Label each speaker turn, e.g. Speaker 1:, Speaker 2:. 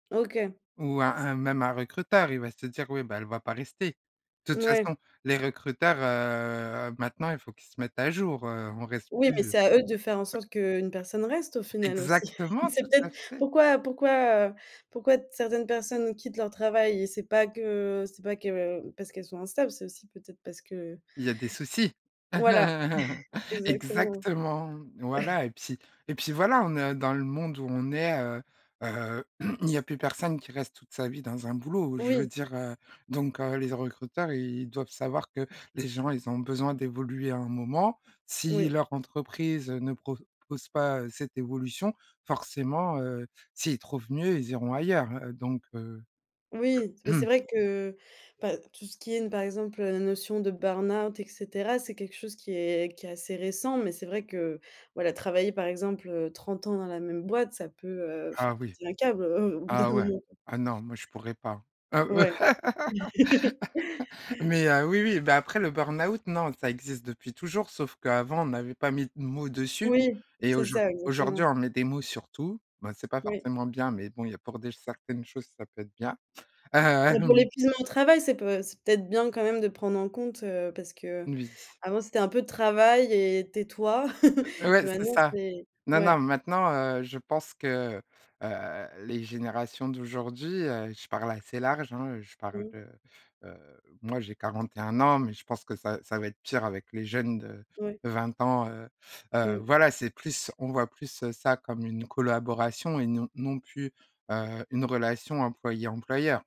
Speaker 1: OK.
Speaker 2: Ou un un même un recruteur, il va se dire: «Oui, bah elle va pas rester». De toute
Speaker 1: Mouais.
Speaker 2: façon, les recruteurs, heu, maintenant, il faut qu'ils se mettent à jour, heu, on reste
Speaker 1: Oui, mais
Speaker 2: plus.
Speaker 1: c'est à eux de faire en sorte qu'une personne reste au final aussi.
Speaker 2: Exactement,
Speaker 1: C'est
Speaker 2: tout
Speaker 1: peut-être
Speaker 2: à fait.
Speaker 1: pourquoi pourquoi, heu, pourquoi t certaines personnes quittent leur travail? C'est pas que c'est pas que parce qu'elles sont instables, c'est aussi peut-être parce que
Speaker 2: Il y a des soucis,
Speaker 1: Voilà, exactement.
Speaker 2: exactement, voilà, et puis et puis, voilà, on ne dans le monde où on est, heu heu, il y a plus personne qui reste toute sa vie dans un boulot. Je veux
Speaker 1: Oui.
Speaker 2: dire, heu, donc, heu, les z recruteurs, ils doivent savoir que les gens, ils ont besoin d'évoluer à un moment. Si
Speaker 1: Oui.
Speaker 2: leur entreprise ne propose pas, heu, cette évolution, forcément, heu, s'ils trouvent mieux, ils iront ailleurs, heu, donc, heu
Speaker 1: Oui, mais c'est vrai que, bah tout ce qui est n par exemple, heu, la notion de burn-out, et cetera. C'est quelque chose qui est qui est assez récent mais c'est vrai que, voilà, travailler, par exemple, heu, 30 ans dans la même boîte, ça peut, heu,
Speaker 2: Ah
Speaker 1: faire
Speaker 2: oui,
Speaker 1: péter un câble, heu, au bout d'un
Speaker 2: ah ouais,
Speaker 1: moment.
Speaker 2: ah non, moi, je pourrais pas, hein,
Speaker 1: Ouais.
Speaker 2: mais, heu, oui, oui, bah après le burn-out, non, ça existe depuis toujours, sauf qu'avant, on n'avait pas mis de mots dessus
Speaker 1: Oui,
Speaker 2: et
Speaker 1: c'est
Speaker 2: aujour
Speaker 1: ça, exactement.
Speaker 2: aujourd'hui on met des mots sur tout. Ben c'est pas
Speaker 1: Oui.
Speaker 2: forcément bien mais bon, il y a pour des certaines choses ça peut être bien.
Speaker 1: Bon pour
Speaker 2: Hem.
Speaker 1: l'épuisement au travail, c'est peut c'est peut-être bien quand même de prendre en compte, heu, parce
Speaker 2: N
Speaker 1: qu'avant,
Speaker 2: oui.
Speaker 1: c'était un peu «travaille et tais-toi», et
Speaker 2: Ouais, c'est
Speaker 1: maintenant,
Speaker 2: ça.
Speaker 1: c'est
Speaker 2: Non, non,
Speaker 1: ouais.
Speaker 2: maintenant, heu, je pense que, heu, les générations d'aujourd'hui, heu, je parle assez large, hein, heu, je parle
Speaker 1: Mmh.
Speaker 2: de, heu, moi, j'ai 41 ans, mais je pense que ça, ça va être pire avec les jeunes de
Speaker 1: Ouais.
Speaker 2: de 20 ans, heu heu,
Speaker 1: Mmh.
Speaker 2: voilà, c'est plus on voit plus, heu, ça comme une collaboration et non non plus, heu, une relation employé employeur.